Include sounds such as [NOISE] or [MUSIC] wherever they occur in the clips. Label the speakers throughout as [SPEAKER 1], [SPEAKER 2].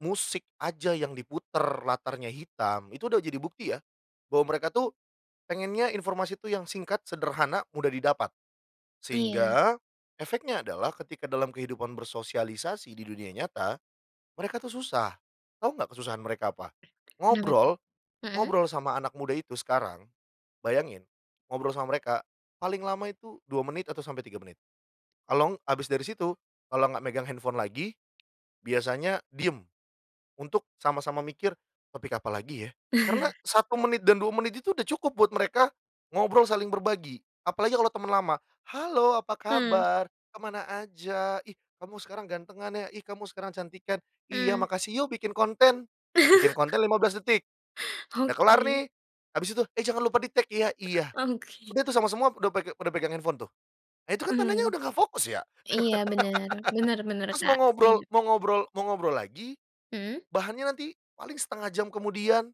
[SPEAKER 1] Musik aja yang diputar latarnya hitam, itu udah jadi bukti ya, bahwa mereka tuh pengennya informasi itu yang singkat sederhana mudah didapat.
[SPEAKER 2] Iya.
[SPEAKER 1] Sehingga, efeknya adalah ketika dalam kehidupan bersosialisasi di dunia nyata, mereka tuh susah, tahu enggak kesusahan mereka apa?
[SPEAKER 2] Kenapa tuh?
[SPEAKER 1] Ngobrol,
[SPEAKER 2] Mhm.
[SPEAKER 1] ngobrol sama anak muda itu sekarang, bayangin ngobrol sama mereka paling lama itu 2 menit atau sampai 3 menit kalau ng habis dari situ, kalau enggak megang handphone lagi, biasanya diem, untuk sama-sama mikir topik apalagi ya? Karena 1
[SPEAKER 2] [CHUCKLES]
[SPEAKER 1] menit dan 2 menit itu udah cukup buat mereka ngobrol saling berbagi, apalagi kalau teman lama, "Halo apa
[SPEAKER 2] Hmm.
[SPEAKER 1] kabar? Kemana aja? Ih kamu sekarang ganteng ya? Ih kamu sekarang cantikan, 'iya
[SPEAKER 2] Mmm.
[SPEAKER 1] makasih,' yuk, bikin konten". Bikin
[SPEAKER 2] [CHUCKLES]
[SPEAKER 1] konten 15 detik, udah kelar
[SPEAKER 2] Oke.
[SPEAKER 1] nih, habis itu, "Eh jangan lupa di tag ya? 'Iya,'."
[SPEAKER 2] Oke.
[SPEAKER 1] Udah tuh sama semua udah pe pada pegang handphone tuh. Nah, itu kan tandanya
[SPEAKER 2] Mhm.
[SPEAKER 1] udah enggak fokus ya.
[SPEAKER 2] Iya bener, bener,
[SPEAKER 1] [LAUGHS]
[SPEAKER 2] bener
[SPEAKER 1] Terus mau
[SPEAKER 2] Kak,
[SPEAKER 1] ngobrol
[SPEAKER 2] setuju.
[SPEAKER 1] mau ngobrol mau ngobrol lagi,
[SPEAKER 2] Mhm.
[SPEAKER 1] bahannya nanti paling 1/2 jam kemudian.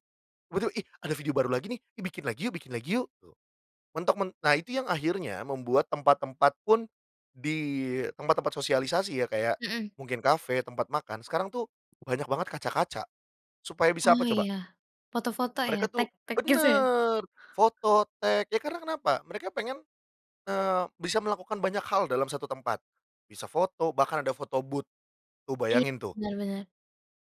[SPEAKER 1] Betul, "Ih ada video baru lagi nih, ih bikin lagi yuk, bikin lagi yuk", tuh. Mentok men nah itu yang akhirnya, membuat tempat-tempat pun, di tempat-tempat sosialisasi ya kayak
[SPEAKER 2] Mhm.
[SPEAKER 1] mungkin kafe, tempat makan, sekarang tuh, banyak banget kaca-kaca, supaya bisa apa
[SPEAKER 2] Oh
[SPEAKER 1] coba?
[SPEAKER 2] iya, foto-foto ya?
[SPEAKER 1] Mereka tuh
[SPEAKER 2] Tag-tag gitu, ya?
[SPEAKER 1] bener foto, tag, ya karena kenapa, mereka pengen eee, bisa melakukan banyak hal dalam 1 tempat, bisa foto, bahkan ada foto booth, tuh
[SPEAKER 2] Iya,
[SPEAKER 1] bayangin tuh.
[SPEAKER 2] bener, bener.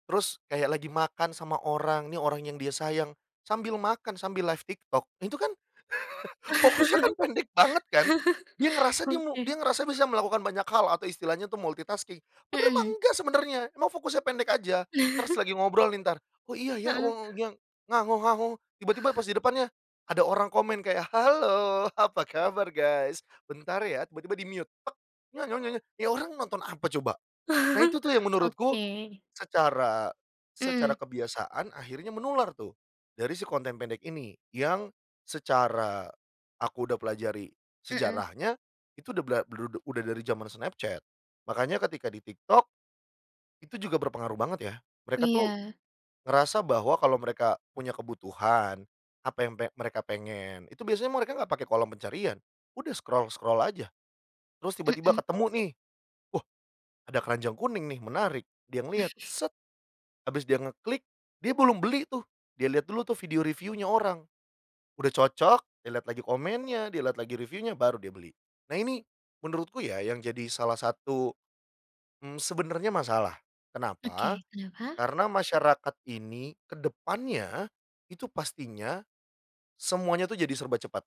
[SPEAKER 1] Terus kayak lagi makan sama orang, nih orang yang dia sayang sambil makan, sambil live TikTok. Nah, itu kan [CHUCKLES] fokusnya kan pendek banget kan. Dia ngerasa
[SPEAKER 2] [LAUGHS]
[SPEAKER 1] dia mu
[SPEAKER 2] Oke.
[SPEAKER 1] dia ngerasa bisa melakukan banyak hal atau istilahnya itu multitasking, padahal mah
[SPEAKER 2] Mhm.
[SPEAKER 1] enggak sebenarnya, emang fokusnya pendek saja. Terus
[SPEAKER 2] [CHUCKLES]
[SPEAKER 1] lagi ngobrol nih entar, "Oh iya ya
[SPEAKER 2] Heeh.
[SPEAKER 1] wong yang tiba-tiba pas di depannya, ada orang komen kayak, "Halo apa kabar guys, bentar ya, tiba-tiba di mute, ni orang nonton apa coba? Nah,
[SPEAKER 2] [CHUCKLES]
[SPEAKER 1] itu tuh yang menurutku
[SPEAKER 2] Oke.
[SPEAKER 1] secara, secara
[SPEAKER 2] Mhm.
[SPEAKER 1] kebiasaan akhirnya, menular tuh dari si konten pendek ini, yang secara aku udah pelajari
[SPEAKER 2] Mhm.
[SPEAKER 1] sejarahnya, itu udah bla bru udah dari zaman snapchat. Makanya ketika di TikTok, itu juga berpengaruh banget ya, mereka tuh
[SPEAKER 2] Iya.
[SPEAKER 1] ngerasa bahwa kalau mereka punya kebutuhan apa yang pe mereka pengen, itu biasanya mereka enggak pakai kolom pencarian, udah scroll-scroll aja terus tiba-tiba
[SPEAKER 2] Mhm.
[SPEAKER 1] ketemu nih, "Wah ada keranjang kuning nih menarik," dia ngelihat,
[SPEAKER 2] [CHUCKLES]
[SPEAKER 1] habis dia ngeklik dia belum beli tuh, dia lihat dulu tuh video review-nya orang, udah cocok, dia lihat lagi komennya, dia lihat lagi review-nya, baru dia beli. Nah, ini menurutku ya yang jadi salah satu, mmm, sebenarnya masalah, kenapa?
[SPEAKER 2] Oke, kenapa?
[SPEAKER 1] Karena masyarakat ini, ke depannya, itu pastinya semuanya itu, jadi serba cepat.